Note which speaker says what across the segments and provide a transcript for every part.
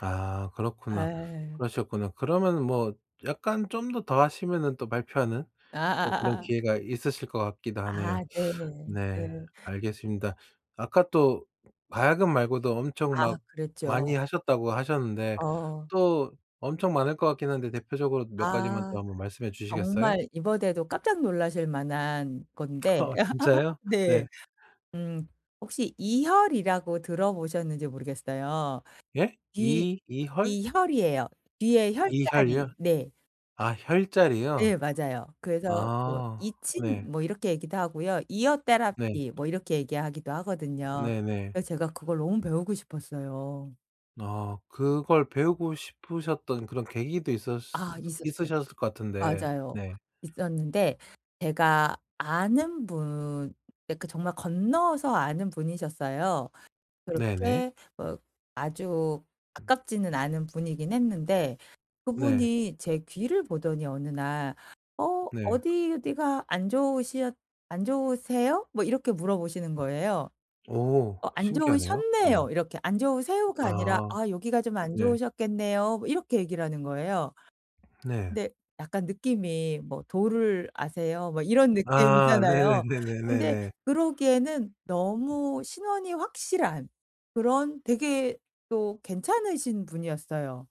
Speaker 1: 아 그렇구나.
Speaker 2: 아.
Speaker 1: 그러셨구나. 그러면은 뭐 약간 좀 더, 더 하시면은 또 발표하는 또 그런
Speaker 2: 아아아아.
Speaker 1: 기회가 있으실 것 같기도 하네요.
Speaker 2: 아 네.
Speaker 1: 네
Speaker 2: 네.
Speaker 1: 알겠습니다. 아까 또 가야금 말고도 엄청
Speaker 2: 아
Speaker 1: 막 많이
Speaker 2: 그랬죠.
Speaker 1: 하셨다고 하셨는데
Speaker 2: 어.
Speaker 1: 또 엄청 많을 것 같긴 한데 대표적으로 몇 가지만
Speaker 2: 아.
Speaker 1: 또 한번 말씀해 주시겠어요?
Speaker 2: 정말 이번에도 깜짝 놀라실 만한 건데
Speaker 1: 어 진짜요?
Speaker 2: 네
Speaker 1: 네.
Speaker 2: 음 혹시 이혈이라고 들어보셨는지 모르겠어요.
Speaker 1: 예?
Speaker 2: 귀
Speaker 1: 이 이헐?
Speaker 2: 이 혈이에요. 귀에
Speaker 1: 이혈이요?
Speaker 2: 혈자리. 네.
Speaker 1: 아 혈자리요?
Speaker 2: 예 맞아요. 그래서 뭐
Speaker 1: 아
Speaker 2: 이친
Speaker 1: 네.
Speaker 2: 뭐 이렇게 얘기도 하고요. 이어
Speaker 1: 네.
Speaker 2: 테라피 뭐 이렇게 얘기하기도 하거든요.
Speaker 1: 네네.
Speaker 2: 그 제가 그걸 너무 배우고 싶었어요.
Speaker 1: 아 그걸 배우고 싶으셨던 그런 계기도 있었으
Speaker 2: 아 있었어요.
Speaker 1: 있으셨을 것 같은데
Speaker 2: 맞아요.
Speaker 1: 네.
Speaker 2: 있었는데 제가 아는 분 예 그 정말 건너서 아는 분이셨어요.
Speaker 1: 네네.
Speaker 2: 그렇게 어 아주 가깝지는 않은 분이긴 했는데
Speaker 1: 네.
Speaker 2: 그분이 제 귀를 보더니 어느 날 "어
Speaker 1: 네.
Speaker 2: 어디 어디가 안 좋으셨 안 좋으세요?" 뭐 이렇게 물어보시는 거예요.
Speaker 1: 오
Speaker 2: "어 안
Speaker 1: 신기하네요. 네.
Speaker 2: 좋으셨네요." 이렇게 "안 좋으세요."가 아니라
Speaker 1: 아.
Speaker 2: "아 여기가 좀 안
Speaker 1: 네.
Speaker 2: 좋으셨겠네요." 뭐 이렇게 얘기를 하는 거예요.
Speaker 1: 네.
Speaker 2: 근데 약간 느낌이 뭐 "도를 아세요?" 뭐 이런
Speaker 1: 아
Speaker 2: 느낌이잖아요. 근데
Speaker 1: 네네네네네네.
Speaker 2: 그러기에는 너무 신원이 확실한 그런 되게 또 괜찮으신 분이었어요.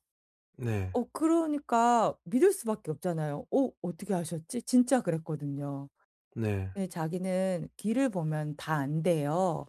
Speaker 1: 네.
Speaker 2: 어 그러니까 믿을 수밖에 없잖아요. '어 어떻게 아셨지?' 진짜 그랬거든요.
Speaker 1: 네.
Speaker 2: 근데 자기는 귀를 보면 다 안대요.